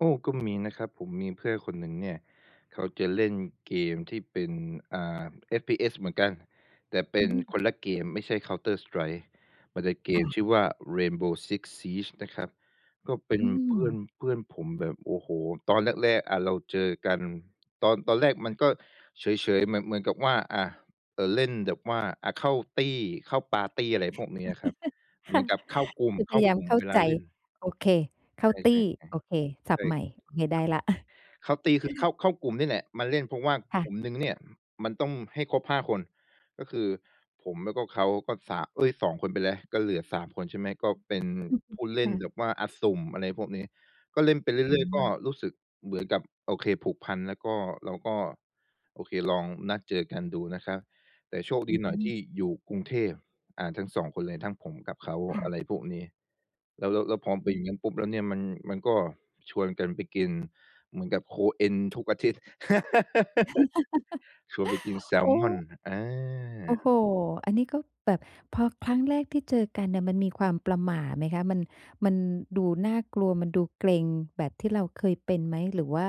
โอ้! ก็ มีนะครับ ผมมีเพื่อนคนหนึ่งเนี่ย เขาจะเล่นเกมที่เป็น อ่า FPS เหมือนกัน แต่เปอ็ืนม คนละเกม ไม่ใช่ Counter strike มันเป็นเกคม่ะ ชื่อว่า Rainbow six siege นะครับ ก็เปอ็ืนเพื่อน ม เพื่อนผมแบบ โอ้โฮ! ตอนแรก ๆ อะเราเจอกัน ตอน ตอนแรกมันก็เฉย ๆ เหมือน เหมือนกับว่า อา เอ่อ เล่นแบบ ว่า อา เข้าตี้ เข้าปาร์ตี้ อะไรพวกนี้อะครับ เคหมื่ะ อนกับเข้ากลุ่ม คือเพข้ยาายากมลุ่มเข้าเวลใาจ เล่น โอเค เข้าใตชี่ ้ ๆ โอเค ศๆ ัใชพท่ ์ใหม่ โอเค ได้แล้ว เข้าตี้คือเข้า เข้ากลุ่มนี่แหละ มาเล่นเพราะว่าค่กะ ลุ่ม หนึ่งเนี่ยมันต้องให้ครบ 5 คน ก็คือผมแล้วก็เขา ก็ 3 เอ๊ย 2 คนไปแล้ว ก็เหลือ 3 คน ใช่ไหม ก็ เป็นผู้เล่คน่ะ แบบว่า อา สุ่ม อะไรพวก นี้ ก็เล่นไปเรอืื่อย ๆ ก็ม รู้สึก เหมือนกับ โอเค ผูกพัน แล้วก็เราก็ โอเค ลองนัดเจอกันดูนะครับ แต่ โชคดอีหน่อยทืม ี่อยู่กรุงเทพ อ่า ทั้ง 2 คนเลย ทั้งผมกับเขา ค่ะ อะไรพวกนี้ แล้ว แล้ว แล้วพอเป็นอย่างงั้นปุ๊บแล้วเนี่ยมัน มันก็ชวนกันไปกิน เหมือนกับโคเอ็นทุกอาทิตย์ ชวนไปกินแซลโอ้ มอน อโอ้โฮ! า อันนี้ก็แบบ พอครั้งแรกที่เจอกันเนี่ย มันมีความประหม่าไหมคะ มัน มันดูน่ากลัว มันดูเกร็งแบบที่เราเคยเป็นไหม หรือว่า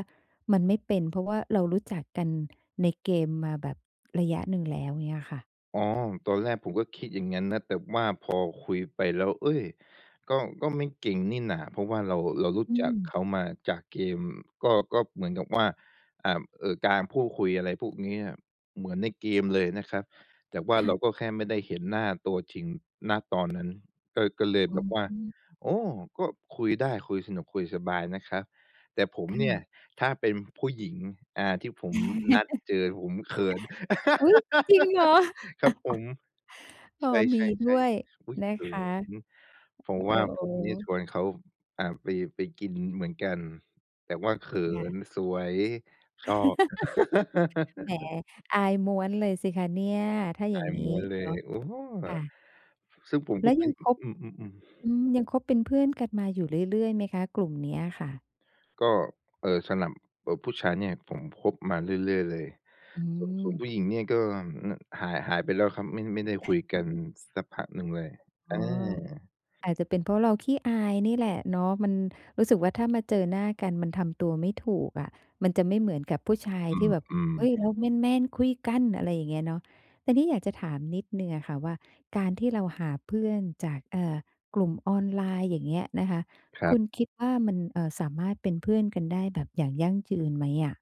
มันไม่เป็น? เพราะว่าเรารู้จักกันในเกมมาแบบระยะหนึ่งแล้ว อย่างเงี้ยค่ะ อ๋อ ตอนแรกผมก็คิดอย่างงั้นนะ แต่ว่าพอคุยไปแล้ว เอ๊ย! ก็ ก็ไม่เกร็งนี่หน่า เพราะว่าเรา เรารู้อจืักม เขามาจากเกม ก็ ก็เหมือนกับว่า อ่า เอ่อ การพูดคุยอะไรพวกเนี้ย เหมือนในเกมเลยนะครับ แต่ว่าคเ่ระ าก็แค่ไม่ได้เห็นหน้าตัวจริง ณ ตอน นั้น ก็ ก็เลยอแ๋บบว่า อ โอ้! ก็คุยได้คุยสนุก คุยสบายนะครับ แต่ผมค่เนี่ย ะ ถ้าเป็นผู้หญิง อ่า ที่ผมนัดเจอผมเขิน อุ้ย จริงเหรอ? ครับผม โอ้! ใชมีด้่ วยๆ ๆ อุ๊ย! นะเขคิะ น เพราโอะ้ว่าโผมเนี่ยชฮ! วนเขา อ่า ไป ไปกินเหมือนกัน แต่ว่าเขิค่ะ นสวย ชอบ แหม อายม้วนเลยสิคะเนี่ย? ถ้าออยา่างยงีม้้วนเลเนาย ะ โอ้! ค่ะ ซึ่งผมแกล็้วไป ยังคบ อือ ๆ ๆ อืม ยังคบเป็นเพื่อนกันมาอยู่เรื่อย ๆ ไหมคะ กลุ่มเนี้ยอะค่ะ? ก็ เอ่อ สำหรับ เอ่อ ผู้ชายเนี่ย ผมคบมาเรื่อย ๆ เลย อืส่วน ส่วนผม ู้หญิงเนี่ยก็ น หาย หายไปแล้วครับ ไม่ ไม่ได้คุยกันสักพักหนึ่งเลย อ๋ออ า อาจจะเป็นเพราะเราขี้อายนี่แหละเนาะ มันรู้สึกว่าถ้ามาเจอหน้ากันมันทำตัวไม่ถูกอะ มันจะไม่เหมือนกับผู้ชายอที่แบบ ืม "เฮ้ย! ๆ เราแมน ๆ คุยกัน" อะไรอย่างเงี้ยเนาะ ทีนี้อยากจะถามนิดหนึ่งอะค่ะว่าการที่เราหาเพื่อนจาก เอ่อ กลุ่มออนไลน์ อย่างเงี้ยนะคะ ครคัุบ ณคิดว่ามัน เอ่อ สามารถเป็นเพื่อนกันได้แบบอย่างยั่งยืนไหมอะ?